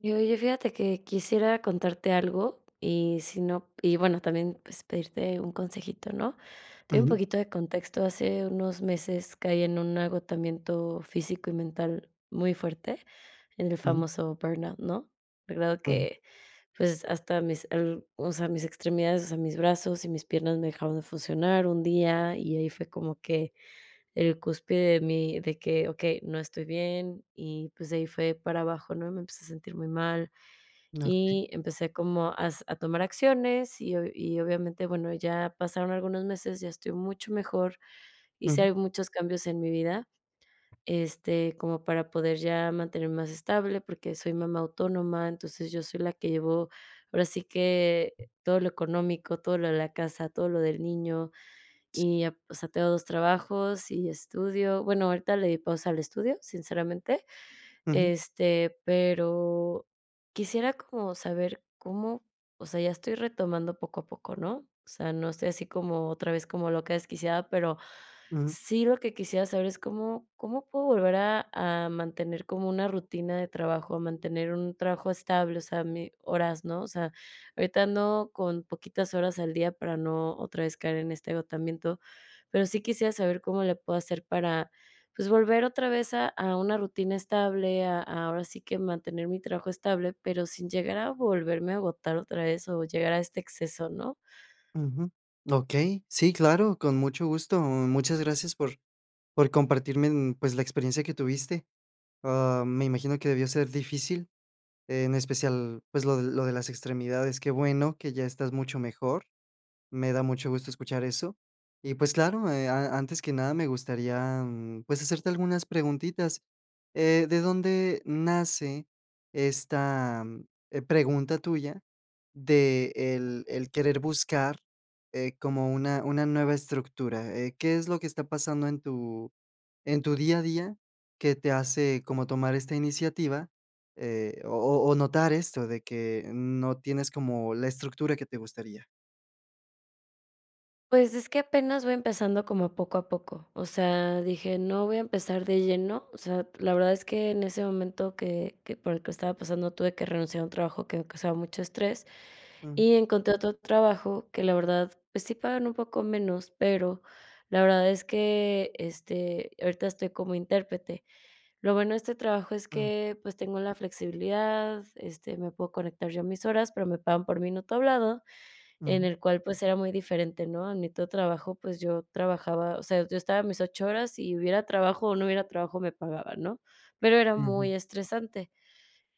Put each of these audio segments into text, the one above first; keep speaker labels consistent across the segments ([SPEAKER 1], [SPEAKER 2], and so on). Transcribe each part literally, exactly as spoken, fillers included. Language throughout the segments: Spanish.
[SPEAKER 1] Y, oye, fíjate que quisiera contarte algo, y si no y bueno, también, pues, pedirte un consejito, ¿no? Te doy un
[SPEAKER 2] Ujú.
[SPEAKER 1] poquito de contexto, hace unos meses caí en un agotamiento físico y mental muy fuerte, en el
[SPEAKER 2] Ujú.
[SPEAKER 1] famoso burnout, ¿no? La verdad
[SPEAKER 2] Ujú.
[SPEAKER 1] que, pues, hasta mis ar o sea, mis extremidades, o sea, mis brazos y mis piernas me dejaron de funcionar un día. Y ahí fue como que el cúspide de mí de que: "Okey, no estoy bien", y, pues, de ahí fue para abajo, ¿no? Me empecé a sentir muy mal,
[SPEAKER 2] Ah, okey.
[SPEAKER 1] y empecé como a hace a tomar acciones, y obvia y obviamente bueno, ya pasaron algunos meses, ya estoy mucho mejor, hice
[SPEAKER 2] Ujú.
[SPEAKER 1] al muchos cambios en mi vida, este, como para poder ya mantenerme más estable. Porque soy mamá autónoma, entonces yo soy la que llevo, ahora sí que todo lo económico, todo lo de la casa, todo lo del niño.
[SPEAKER 2] Sí.
[SPEAKER 1] Y, ah, pues, o sea, tengo dos trabajos, y estudio Bueno, ahorita le di pausa al estudio, sinceramente,
[SPEAKER 2] Ujú.
[SPEAKER 1] este, pero quisiera como saber cómo o sea, ya estoy retomando poco a poco, ¿no? O sea, no estoy así como otra vez como loca desquiciada, pero
[SPEAKER 2] Ujú.
[SPEAKER 1] sí lo que quisiera saber es cómo, cómo puedo volver a a mantener como una rutina de trabajo, a mantener un trabajo estable, o sea, mi horas, ¿no? O sea, ahorita ando con poquitas horas al día para no otra vez caer en este agotamiento, pero sí quisiera saber cómo le puedo hacer para, pues, volver otra vez a a una rutina estable, a a ahora sí que mantener mi trabajo estable, pero sin llegar a volverme a agotar otra vez o llegar a este exceso, ¿no?
[SPEAKER 2] Ujú, okey. Sí, claro, con mucho gusto. Muchas gracias por, por compartirme, mm, pues, la experiencia que tuviste. Ah, me imagino que debió ser difícil, en especial, pues, lo de lo de las extremidades. Qué bueno que ya estás mucho mejor. Me da mucho gusto escuchar eso. Y, pues, claro, eh, a antes que nada, me gustaría, mm, pues, hacerte algunas preguntitas. Eh, ¿de dónde nace esta, mm, eh, pregunta tuya de, el el querer buscar, eh, como una una nueva estructura?, eh, ¿qué es lo que está pasando en tu en tu día a día que te hace como tomar esta iniciativa?, eh, o o o notar esto de que no tienes como la estructura que te gustaría.
[SPEAKER 1] Pues, es que apenas voy empezando como poco a poco. O sea, dije: "No voy a empezar de lleno". O sea, la verdad es que en ese momento que que por el que estaba pasando tuve que renunciar a un trabajo que me causaba mucho estrés,
[SPEAKER 2] Ujú.
[SPEAKER 1] y encontré otro trabajo que la verdad, pues sí pagan un poco menos, pero la verdad es que, este, ahorita estoy como intérprete. Lo bueno de este trabajo es
[SPEAKER 2] Mm.
[SPEAKER 1] que, pues tengo la flexibilidad, este, me puedo conectar yo a mis horas, pero me pagan por minuto hablado, en
[SPEAKER 2] Ujú.
[SPEAKER 1] el cual, pues, era muy diferente, ¿no? En mi otro trabajo, pues, yo trabajaba, o sea, yo estaba a mis ocho horas, y hubiera trabajo o no hubiera trabajo, me pagaban, ¿no? Pero era muy
[SPEAKER 2] Ujú.
[SPEAKER 1] estresante.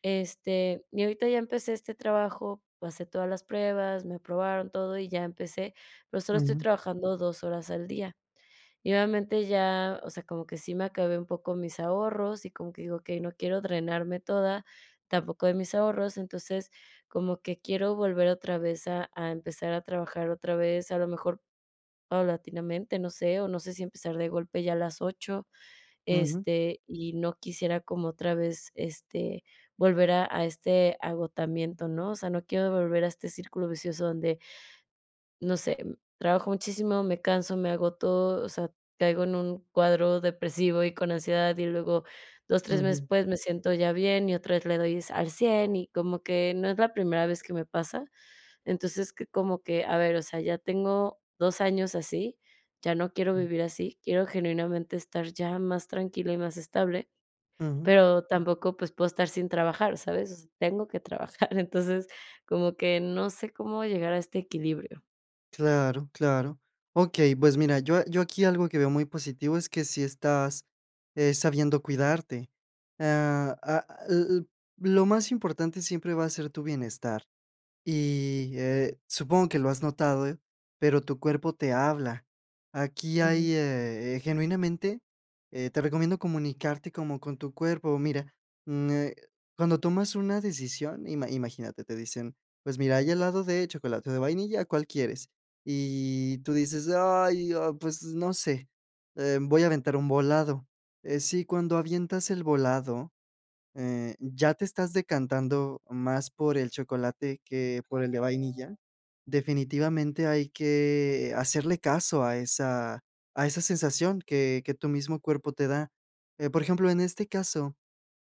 [SPEAKER 1] Este, y ahorita ya empecé este trabajo, pasé todas las pruebas, me aprobaron todo y ya empecé, pero solo estoy
[SPEAKER 2] Ujú.
[SPEAKER 1] trabajando dos horas al día. Y obviamente ya, o sea, como que sí me acabé un poco mis ahorros, y como que digo: "Okey, no quiero drenarme toda tampoco de mis ahorros". Entonces, como que quiero volver otra vez a a empezar a trabajar otra vez, a lo mejor paulatinamente, no sé, o no sé si empezar de golpe ya a las ocho.
[SPEAKER 2] Ujú.
[SPEAKER 1] Este, y no quisiera como otra vez, este, volver a a este agotamiento, ¿no? O sea, no quiero volver a este círculo vicioso donde no sé, trabajo muchísimo, me canso, me agoto, o sea, caigo en un cuadro depresivo y con ansiedad, y luego dos, tres meses,
[SPEAKER 2] Ujú.
[SPEAKER 1] pues, me siento ya bien, y otra vez le doy s al cien, y como que no es la primera vez que me pasa. Entonces, que como que, a ver, o sea, ya tengo dos años así, ya no quiero
[SPEAKER 2] Mm.
[SPEAKER 1] vivir así, quiero genuinamente estar ya más tranquila y más estable,
[SPEAKER 2] Ujú.
[SPEAKER 1] pero tampoco pues puedo estar sin trabajar, ¿sabes?, tengo que trabajar. Entonces, como que no sé cómo llegar a este equilibrio.
[SPEAKER 2] Claro, claro. Okey, pues, mira, yo a yo aquí algo que veo muy positivo es que sí estás, eh, sabiendo cuidarte. Ah, ah, l l lo más importante siempre va a ser tu bienestar. Y, eh, supongo que lo has notado, pero tu cuerpo te habla. Aquí hay,
[SPEAKER 1] Ujú.
[SPEAKER 2] eh, genuinamente, eh, te recomiendo comunicarte como con tu cuerpo. Mira, mm, eh, cuando tomas una decisión ima imagínate, te dicen: "Pues, mira, hay helado de chocolate o de vainilla, ¿cuál quieres?". Y tú dices: "Ay, ah, pues no sé, em, voy a aventar un volado". Eh, si cuando avientas el volado, eh, ya te estás decantando más por el chocolate que por el de vainilla. Definitivamente hay que, eh, hacerle caso a esa a esa sensación que que tu mismo cuerpo te da. Eh, por ejemplo, en este caso,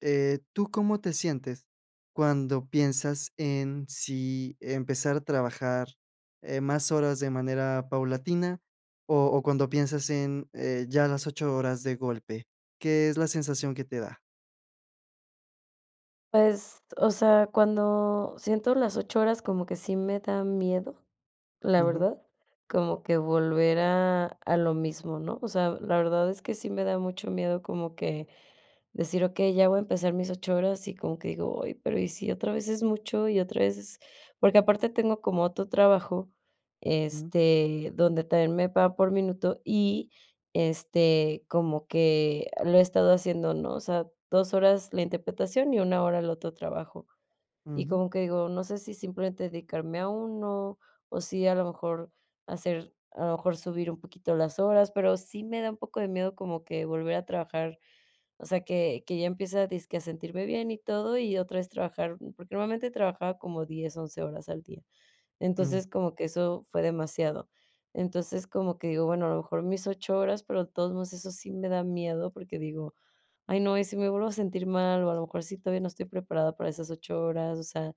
[SPEAKER 2] eh, ¿tú cómo te sientes cuando piensas en si empezar a trabajar, eh, más horas de manera paulatina o o cuando piensas en, eh, ya las ocho horas de golpe, qué es la sensación que te da?
[SPEAKER 1] Pues, o sea, cuando siento las ocho horas, como que sí me da miedo, la
[SPEAKER 2] Ujú.
[SPEAKER 1] verdad, como que volver a a lo mismo, ¿no? O sea, la verdad es que sí me da mucho miedo como que decir: "Okey, ya voy a empezar mis ocho horas". Y como que digo: "Ay, pero, ¿y si otra vez es mucho, y otra vez es?". Porque aparte tengo como otro trabajo,
[SPEAKER 2] Ujú.
[SPEAKER 1] este, donde también me paga por minuto, y, este, como que lo he estado haciendo, ¿no? O sea, dos horas la interpretación y una hora el otro trabajo. Y
[SPEAKER 2] Ujú.
[SPEAKER 1] como que digo, no sé si simplemente dedicarme a uno, o si a lo mejor hacer a lo mejor subir un poquito las horas, pero sí me da un poco de miedo como que volver a trabajar o sea, que que ya empiece a dizque a sentirme bien y todo, y otra vez trabajar. Porque normalmente trabajaba como diez, once horas al día.
[SPEAKER 2] Mm.
[SPEAKER 1] Entonces, como que eso fue demasiado. Entonces, como que digo: "Bueno, a lo mejor mis ocho horas". Pero de todos modos eso sí me da miedo, porque digo: "Ay, no, ¿y si me vuelvo a sentir mal?, o a lo mejor sí todavía no estoy preparada para esas ocho horas". O sea,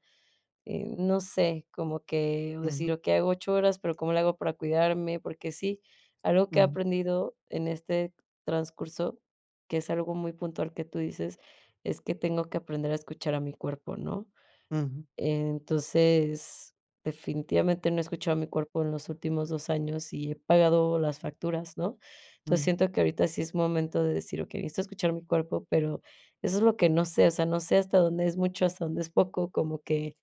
[SPEAKER 1] eh, no sé, como que decir:
[SPEAKER 2] Ujú.
[SPEAKER 1] "Okey, hago ocho horas". Pero, ¿cómo le hago para cuidarme? Porque sí, algo que he
[SPEAKER 2] Ujú.
[SPEAKER 1] aprendido en este transcurso, que es algo muy puntual que tú dices, es que tengo que aprender a escuchar a mi cuerpo, ¿no?
[SPEAKER 2] Ujú.
[SPEAKER 1] Entonces, definitivamente no he escuchado a mi cuerpo en los últimos dos años y he pagado las facturas, ¿no? Entonces,
[SPEAKER 2] Mm.
[SPEAKER 1] siento que ahorita sí es momento de decir: "Okey, necesito escuchar mi cuerpo". Pero eso es lo que no sé, o sea, no sé, ¿hasta dónde es mucho, hasta dónde es poco? Como que,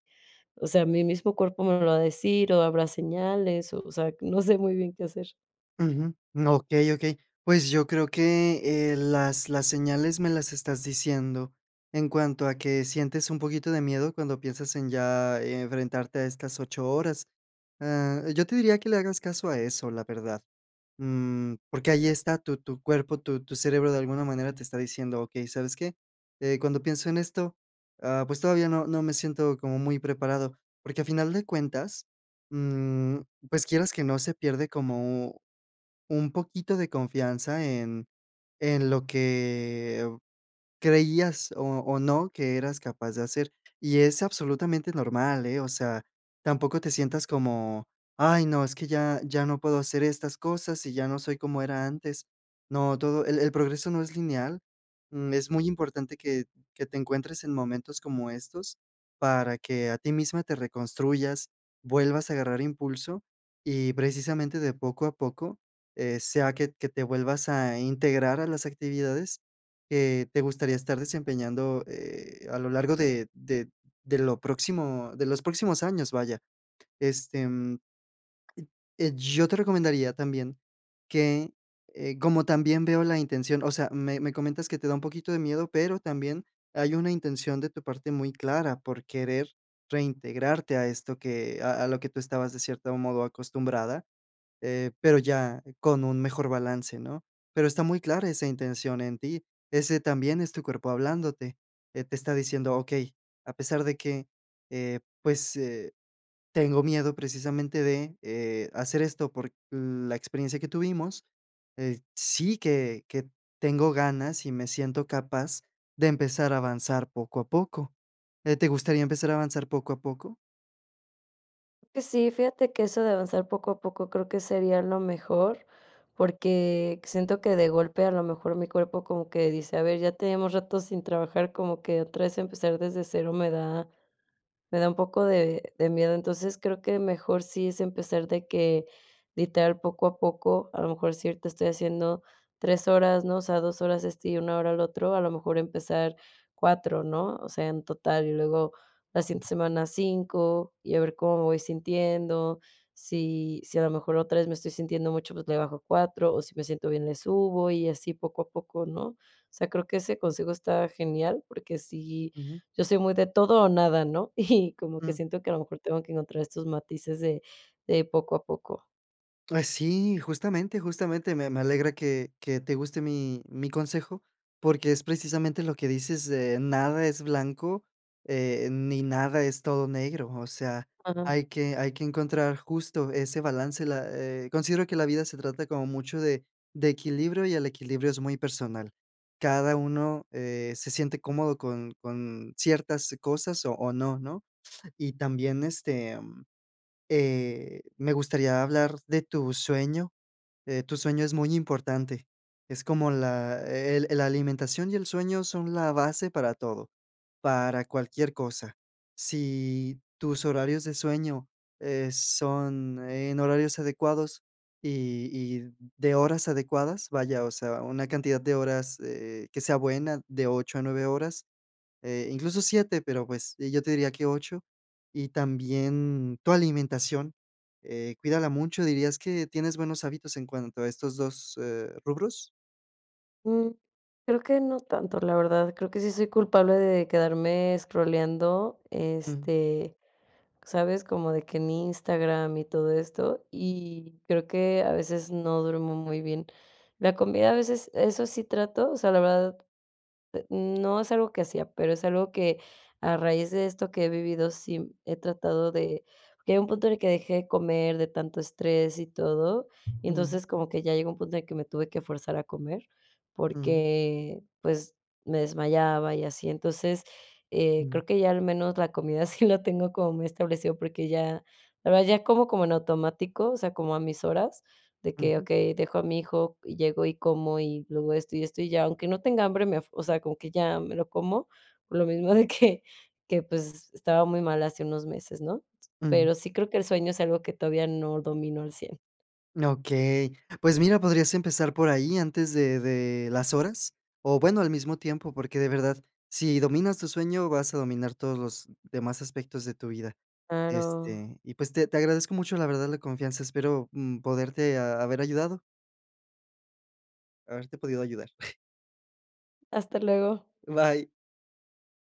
[SPEAKER 1] o sea, ¿mi mismo cuerpo me lo va a decir, o habrá señales? O sea, no sé muy bien qué hacer.
[SPEAKER 2] Ujú, okey, okey. Pues, yo creo que, eh, las las señales me las estás diciendo. En cuanto a que sientes un poquito de miedo cuando piensas en ya enfrentarte a estas ocho horas. Ah, yo te diría que le hagas caso a eso, la verdad. Mm, porque ahí está tu tu cuerpo, tu tu cerebro de alguna manera te está diciendo: "Okey, ¿sabes qué? Eh, cuando pienso en esto, ah, pues todavía no no me siento como muy preparado". Porque a final de cuentas, mm, pues, quieras que no se pierde como un poquito de confianza en en lo que creías, o o no, que eras capaz de hacer. Y es absolutamente normal, eh, o sea, tampoco te sientas como: "Ay no, es que ya ya no puedo hacer estas cosas, y ya no soy como era antes". No, todo el el progreso no es lineal. Mm, es muy importante que que te encuentres en momentos como estos para que a ti misma te reconstruyas, vuelvas a agarrar impulso, y precisamente de poco a poco, eh, sea que que te vuelvas a integrar a las actividades que te gustaría
[SPEAKER 1] Mm.
[SPEAKER 2] estar desempeñando, eh, a lo largo de de de lo próximo de los próximos años, vaya. Este, mm eh, yo te recomendaría también que, eh, como también veo la intención o sea, me me comentas que te da un poquito de miedo, pero también hay una intención de tu parte muy clara por querer reintegrarte a esto que a a lo que tú estabas de cierto modo acostumbrada, eh, pero ya con un mejor balance, ¿no? Pero está muy clara esa intención en ti. Ese también es tu cuerpo hablándote. Eh, te está diciendo: "Okey, a pesar de que, eh, pues, eh, tengo miedo precisamente de, eh, hacer esto por la experiencia que tuvimos, eh, sí que que tengo ganas, y me siento capaz de empezar a avanzar poco a poco". Eh, ¿te gustaría empezar a avanzar poco a poco?
[SPEAKER 1] Pues, sí, fíjate que eso de avanzar poco a poco creo que sería lo mejor, porque siento que de golpe, a lo mejor, mi cuerpo como que dice: "A ver, ya tenemos ratos sin trabajar", como que otra vez empezar desde cero me da me da un poco de de miedo. Entonces, creo que mejor sí es empezar de que, literal, poco a poco, a lo mejor si ahorita estoy haciendo tres horas, ¿no? O sea, dos horas este y una hora el otro, a lo mejor empezar cuatro, ¿no? O sea, en total, y luego la siguiente
[SPEAKER 2] Ujú.
[SPEAKER 1] semana cinco, y a ver cómo me voy sintiendo. Sí sí, a lo mejor otra vez me estoy sintiendo mucho, pues le bajo a cuatro, o si me siento bien, le subo, y así poco a poco, ¿no? O sea, creo que ese consejo está genial, porque si
[SPEAKER 2] Ujú.
[SPEAKER 1] yo soy muy de todo o nada, ¿no? Y como que
[SPEAKER 2] Mm.
[SPEAKER 1] siento que a lo mejor tengo que encontrar estos matices de de poco a poco.
[SPEAKER 2] Ay, sí, justamente, justamente, me me alegra que que te guste mi mi consejo, porque es precisamente lo que dices, de nada es blanco, eh, ni nada es todo negro. O sea,
[SPEAKER 1] [unintelligible]
[SPEAKER 2] hay que hay que encontrar justo ese balance, la eh, considero que la vida se trata como mucho de de equilibrio y el equilibrio es muy personal. Cada uno, eh, se siente cómodo con con ciertas cosas o o no, ¿no? Y también, este, mm, eh, me gustaría hablar de tu sueño, eh, tu sueño es muy importante. Es como la e el la alimentación y el sueño son la base para todo, para cualquier cosa. Si tus horarios de sueño, eh, son en horarios adecuados y y de horas adecuadas, vaya, o sea, una cantidad de horas, eh, que sea buena, de ocho a nueve horas, eh, incluso siete, pero, pues, yo te diría que ocho, y también tu alimentación, eh, cuídala mucho. ¿Dirías que tienes buenos hábitos en cuanto a estos dos, eh, rubros?
[SPEAKER 1] Mm, creo que no tanto, la verdad, creo que sí soy culpable de quedarme escrolleando,
[SPEAKER 2] Ujú.
[SPEAKER 1] este, ¿sabes?, como de que en Instagram y todo esto. Y creo que a veces no duermo muy bien. La comida a veces, eso sí trato o sea, la verdad, eh, n no es algo que hacía, pero es algo que a raíz de esto que he vivido, sí he tratado de que hay un punto en el que dejé de comer de tanto estrés y todo, y
[SPEAKER 2] Ujú.
[SPEAKER 1] entonces, como que ya llegó un punto en el que me tuve que forzar a comer,
[SPEAKER 2] Ujú.
[SPEAKER 1] porque, pues, me desmayaba y así. Entonces, eh,
[SPEAKER 2] Ujú.
[SPEAKER 1] creo que ya al menos la comida sí la tengo como muy establecido, porque ya, la verdad ya como, como en automático. O sea, como a mis horas, de que,
[SPEAKER 2] Ujú.
[SPEAKER 1] okey, dejo a mi hijo, llego y como, y luego esto, y esto, y ya. Aunque no tenga hambre me af o sea, como que ya me lo como, por lo mismo de que que pues, estaba muy mal hace unos meses, ¿no?,
[SPEAKER 2] Ujú.
[SPEAKER 1] pero sí creo que el sueño es algo que todavía no dominó al cien.
[SPEAKER 2] Okey. Pues mira, podrías empezar por ahí antes de de las horas, o bueno al mismo tiempo porque de verdad si dominas tu sueño vas a dominar todos los demás aspectos de tu vida.
[SPEAKER 1] Claro.
[SPEAKER 2] Este, y pues, te te agradezco mucho la verdad la confianza, espero, mm, poderte ha haber ayudado. Haberte podido ayudar.
[SPEAKER 1] Hasta luego.
[SPEAKER 2] Bye.